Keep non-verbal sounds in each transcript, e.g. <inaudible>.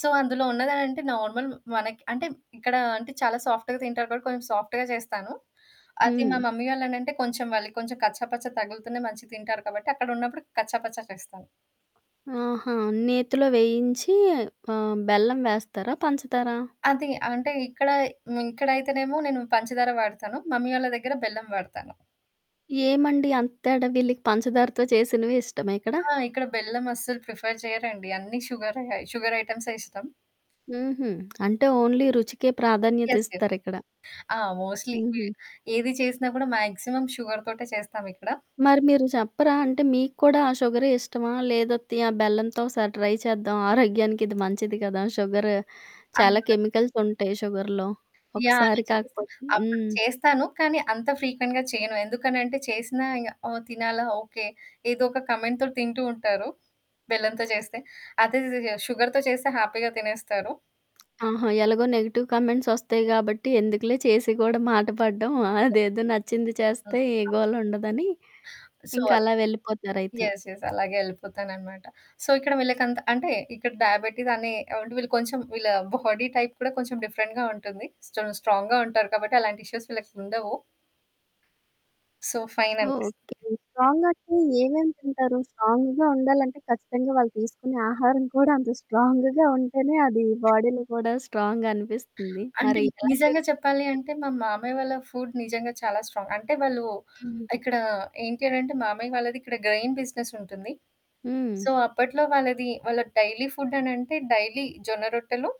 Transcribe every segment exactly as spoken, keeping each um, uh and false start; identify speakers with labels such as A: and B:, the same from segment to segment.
A: So, అందులో ఉన్నదంటే normal మనకి అంటే, ఇక్కడ అంటే చాలా సాఫ్ట్‌గా తింటారు కాబట్టి కొంచెం సాఫ్ట్‌గా జేస్తాను. అది మా
B: హ్మ్.
A: మమ్మీ వాళ్ళనంటే కొంచెం మళ్ళీ కొంచెం కచ్చాపచ్చ తగులుతూనే మంచిగా తింటారు కాబట్టి అక్కడున్నప్పుడు కచ్చాపచ్చా చేస్తాను.
B: ఆహా! నేతిలో వేయించి ఆహ్, బెల్లం వేస్తారా? పంచదారా?
A: అది అంటే ఇక్కడ య్ ఇక్కడైతేనేమో నేను పంచదార వాడతాను. మమ్మీ వాళ్ళ దగ్గర బెల్లం వాడతాను.
B: ఏమండి అంత తేడా వీళ్ళకి పంచదారితో చేసినవి ఇష్టమా ఇక్కడ?
A: ఆ! ఇక్కడ బెల్లం అస్సలు ప్రిఫర్ చేయరండి. అన్ని షుగరే షుగర్ ఐటమ్స్ ఇష్టం.
B: హుహు. అంటే ఓన్లీ రుచికే
A: యెస్, యస్.
B: ప్రాధాన్యతిస్తారిక్కడ.
A: ఆ! మోస్ట్‌లీ ఇవ్వే.
B: హుహు.
A: ఏది చేసినా గూడా మాక్సిమం షుగర్ తోటే చేస్తామిక్కడ.
B: మరి మీరు చెప్పరా? అంటే మీకు కూడా ఆ షుగరే ఇష్టమా? లేదత్తయ్య ఆ బెల్లంతో ఒకసారి ట్రై చేద్దాం ఆరోగ్యానికి ఇది మంచిది కదా! షుగరు చాలా
A: అందరం.
B: కెమికల్స్ ఉంటయి షుగర్‌లో.
A: యాహ్! అలా
B: ఒకసారి
A: చేసినా
B: కాకపోతే
A: అప్పుడు
B: హ్మ్.
A: చేస్తాను. కానీ అంత ఫ్రీక్వెంట్‌గా చెయ్యను. ఎందుకనంటే చేసినా ఇగ ఆహ్, తినాలా? ఓకే. ఏదో ఒక కమెంట్‌తో తింటూ ఉంటారు. బెల్లంతో చేస్తే. అదే షుగర్‌తో చేస్తే హ్యాపీగా తినేస్తారు.
B: ఆహా! ఎలాగో నెగెటివ్ కమెంట్స్ ఒస్తాయి గాబట్టి ఎందుకులే చేసి కూడా మాట పడడం.
A: <unintelligible>
B: అదేదో నచ్చింది చేస్తే ఏ
A: ఓకె.
B: గోల ఉండదని.
A: సో,
B: ఇంకా
A: అది.
B: అలా వెళ్ళిపోతారైతే.
A: యెస్. యెస్. అలాగే ఎళ్ళిపోతాననమాట. సో, ఇక్కడ వీళ్ళకంత అంటే ఇక్కడ డయాబెటీస్ అనే అంటే వీళ్ళు కొంచెం వీళ్ళ బాడీ టైప్ కూడా కొంచెం డిఫరెంట్‌గా ఉంటుంది. స్టన్ స్ట్రాంగ్‌గా ఉంటారు కాబట్టి అలాంటి ఇష్యూస్ వీళ్ళకుండవు. సొ, ఫైన్ అనిపిస్తుంది.
B: ఓకే. స్ట్రాంగంటే ఏమేమి తింటారు? స్ట్రాంగ్‌గా ఉండాలంటే ఖచ్చితంగా వాళ్ళు తీసుకునే ఆహారం కూడా అంత స్ట్రాంగ్‌గా ఉంటేనే అది బాడీలో కూడా స్ట్రాంగనిపిస్తుంది.
A: అంటే
B: మరి ఎలాంటివి
A: నిజంగా చెప్పాలి
B: తీసుకుంటారు?
A: అంటే మా మామయ్య వాళ్ళ ఫుడ్ నిజంగా చాలా స్ట్రాంగ్. అంటే వాళ్ళు,
B: హుహు.
A: ఇక్కడ ఏంటి అనంటే మామయ్య వాళ్ళది ఇక్కడ గ్రెైన్ బిజినెసుంటుంది.
B: హ్మ్.
A: సో, అప్పట్లో వాళ్ళది వాళ్ళ డైలీ ఫుడ్ అనంటే డైలీ జొన్న రొట్టెలు.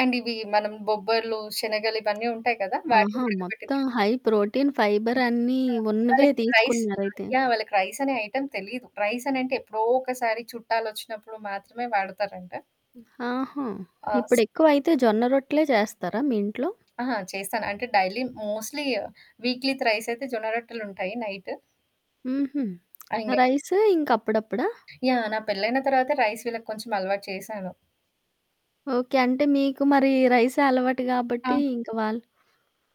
A: అండ్ ఇవి మనం బొబ్బర్లు, శనగలు ఇవన్నీ ఉంటాయి కదా! వాటిని
B: ఆహా!
A: ఉడకబెట్టి తిన్
B: మొత్తం హై ప్రోటీన్, ఫైబర్
A: హ్మ్.
B: అన్నీ
A: ఆ!
B: ఉన్నవే
A: వాళ్ళకి రైస్
B: తీసుకున్నారైతే.
A: యాహ్! వాళ్ళకి రైస్ అనే ఐటమ్ తెలీదు. రైస్ అనంటే ఎప్పుడో ఒకసారి చుట్టాలొచ్చినప్పుడు మాత్రమే వాడతారంట.
B: ఆహా!
A: ఆస్
B: ఇప్పుడెక్కువైతే జొన్న రొట్టలే చేస్తారా మీ ఇంట్లో?
A: ఆహా! చేస్తాను. అంటే డైలీ మోస్ట్‌లీ వీక్లీ త్రైస్ అయితే జొన్న రొట్టెలుంటాయి నైట్.
B: హుహు.
A: ఆ! ఇంగే
B: రైసు ఇంక అప్పుడప్పుడా?
A: యాహ్! నా పెళ్ళైన తర్వాతే రైస్ వీళ్ళకి కొంచెం అలవాటు చేశాను.
B: ఓకే. అంటే మీకు మరి రైసే అలవాటు కాబట్టి
A: అవును.
B: ఇంక వాళ్ళు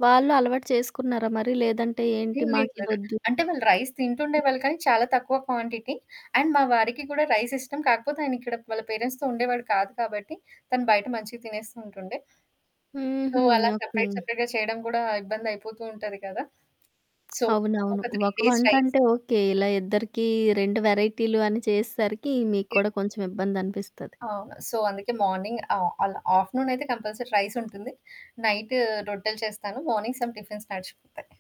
B: వాళ్ళూ అలవాటు చేసుకున్నారా మరి లేదంటే ఏంటి
A: హ్మ్, లేదు. లేదు.
B: మాకిదొద్దు
A: అంటే వాళ్ళు రైస్
B: హ్మ్.
A: తింటుండేవాళ్ళు కానీ చాలా తక్కువ క్వాంటిటీ. అండ్ మా వారికి కూడా రైస్ ఇష్టం. కాకపోతే ఆయన ఇక్కడ వాళ్ళ పేరెంట్స్‌తో ఉండేవాడు కాదు కాబట్టి తను బయట మంచిగా తినేస్తూ ఉంటుండే. సో
B: హుహు.
A: అలా
B: ఓకే.
A: సెపరేట్, సెపరేట్‌గా చేయడం కూడా ఇబ్బంది అయిపోతూ ఉంటది కదా! సో, ఒక
B: అవునవును.
A: త్రీ
B: ఒక
A: డేస్ రైస్
B: వంటంటే ఓకే. ఇలా ఇద్దరికీ రెండు వెరైటీలు అని చేసేసరికి మీకు
A: ఇప్
B: కూడా కొంచెం ఇబ్బందనిపిస్తది.
A: అవును. సో అందుకే మార్నింగ్ ఆ! అలా. ఆఫ్టర్‌నూనయితే కంపల్సరీ రైసుంటుంది. నైటు రొట్టెలు చేస్తాను. Morning some tiffins నడిచిపోతాయి.